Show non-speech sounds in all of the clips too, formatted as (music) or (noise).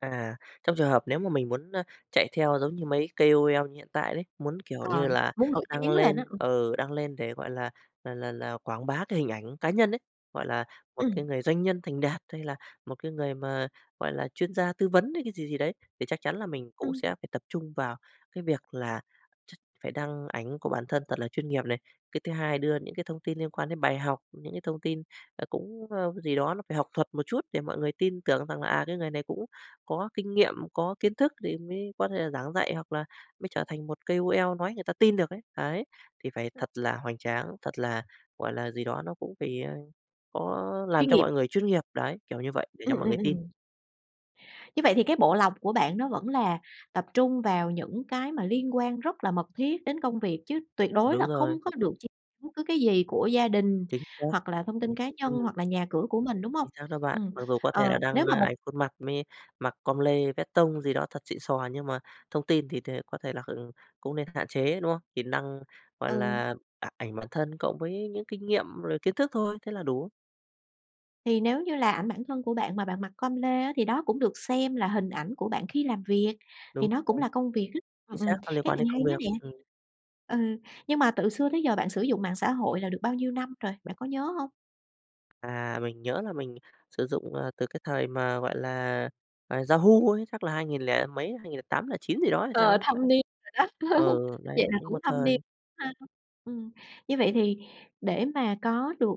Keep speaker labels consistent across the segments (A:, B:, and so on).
A: À. Trong trường hợp nếu mà mình muốn, a, chạy theo giống như mấy KOL như hiện tại đấy, muốn, kiểu
B: Ờ.
A: như là,
B: Muốn nổi
A: đăng
B: tiếng lên á,
A: lên,
B: ừm.
A: ừ, đăng lên để, gọi là là là là, quảng bá cái hình ảnh cá nhân ấy, gọi là, một
B: Ừm.
A: cái người doanh nhân thành đạt, hay là một cái người mà, gọi là, chuyên gia tư vấn hay cái gì gì đấy, thì chắc chắn là mình cũng
B: Ừm.
A: sẽ phải tập trung vào cái việc là ch phải đăng ảnh của bản thân thật là chuyên nghiệp này. Cái thứ hai đưa những cái thông tin liên quan đến bài học, những cái thông tin, ờ, cũng, ơ, cái gì đó nó phải học thuật một chút để mọi người tin tưởng rằng là, à, "Cái người này cũng có kinh nghiệm, có kiến thức thì mới có thể là giảng dạy, hoặc là mới trở thành một KOL" nói người ta tin được ấy. Đấy. Thì phải
B: Ừm.
A: thật là hoành tráng, thật là, gọi là, gì đó nó cũng phải, a, có làm
B: Chuyên
A: cho mọi
B: nghiệp.
A: người chuyên nghiệp. Đấy, kiểu như vậy để cho
B: Ừm,
A: mọi
B: ừm,
A: người tin.
B: ừm. Như vậy thì cái bộ lọc của bạn nó vẫn là tập trung vào những cái mà liên quan rất là mật thiết đến công việc, chứ tuyệt đối
A: Đúng
B: là không
A: rồi.
B: có được chia bất cứ cái gì của gia đình,
A: Chính xác.
B: hoặc là thông tin cá nhân,
A: Ừm.
B: hoặc là nhà cửa của mình, đúng hông?
A: Chính xác đó bạn,
B: Ừm,
A: mặc dù có thể
B: ờ,
A: là
B: nếu
A: đăng,
B: mà
A: a,
B: một
A: ảnh khuôn mặt mới mặc com lê, vét tông gì đó thật xịn xò, nhưng mà thông tin thì thì có thể là, ừm, cũng nên hạn chế, đúng không? Thì năng gọi
B: Ừ.
A: là, a ảnh bản thân cộng với những kinh nghiệm rồi kiến thức thôi, thế là đủ.
B: Thì nếu như là ảnh bản thân của bạn mà bạn mặc com lê á thì đó cũng được xem là hình ảnh của bạn khi làm việc,
A: Đúng
B: thì nó
A: rồi.
B: cũng là công việc á.
A: Chính
B: Ừm,
A: xác,
B: ừm,
A: nó liên
B: cái
A: quan
B: này
A: đến
B: hay
A: công
B: đó
A: việc.
B: nè.
A: Ừm.
B: Ừ, nhưng mà tự xưa tới giờ bạn sử dụng mạng xã hội là được bao nhiêu năm rồi, bạn có nhớ hông?
A: À, mình nhớ là mình sử dụng, à, từ cái thời mà, gọi là, à, Yahoo ấy, chắc là hai nghìn lẻ mấy, 2008-2009 gì đó hay sao
B: Ờ,
A: ấy,
B: thâm
A: đấy.
B: niên rồi đó. (chuckles)
A: Ừ, đấy,
B: Vậy là
A: cũng
B: cũng
A: một
B: thâm niên
A: thời.
B: ha. Ừm, như vậy thì để mà có được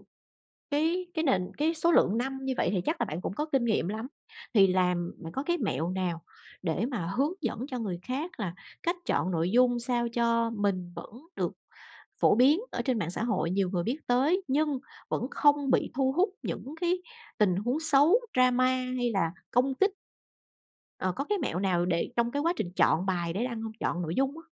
B: cái cái nền cái số lượng năm như vậy thì chắc là bạn cũng có kinh nghiệm lắm. Thì làm bạn có cái mẹo nào để mà hướng dẫn cho người khác là cách chọn nội dung sao cho mình vẫn được phổ biến ở trên mạng xã hội, nhiều người biết tới, nhưng vẫn không bị thu hút những cái tình huống xấu, drama, hay là công kích? Ờ, có cái mẹo nào để trong cái quá trình chọn bài để đăng hông? Chọn nội dung á.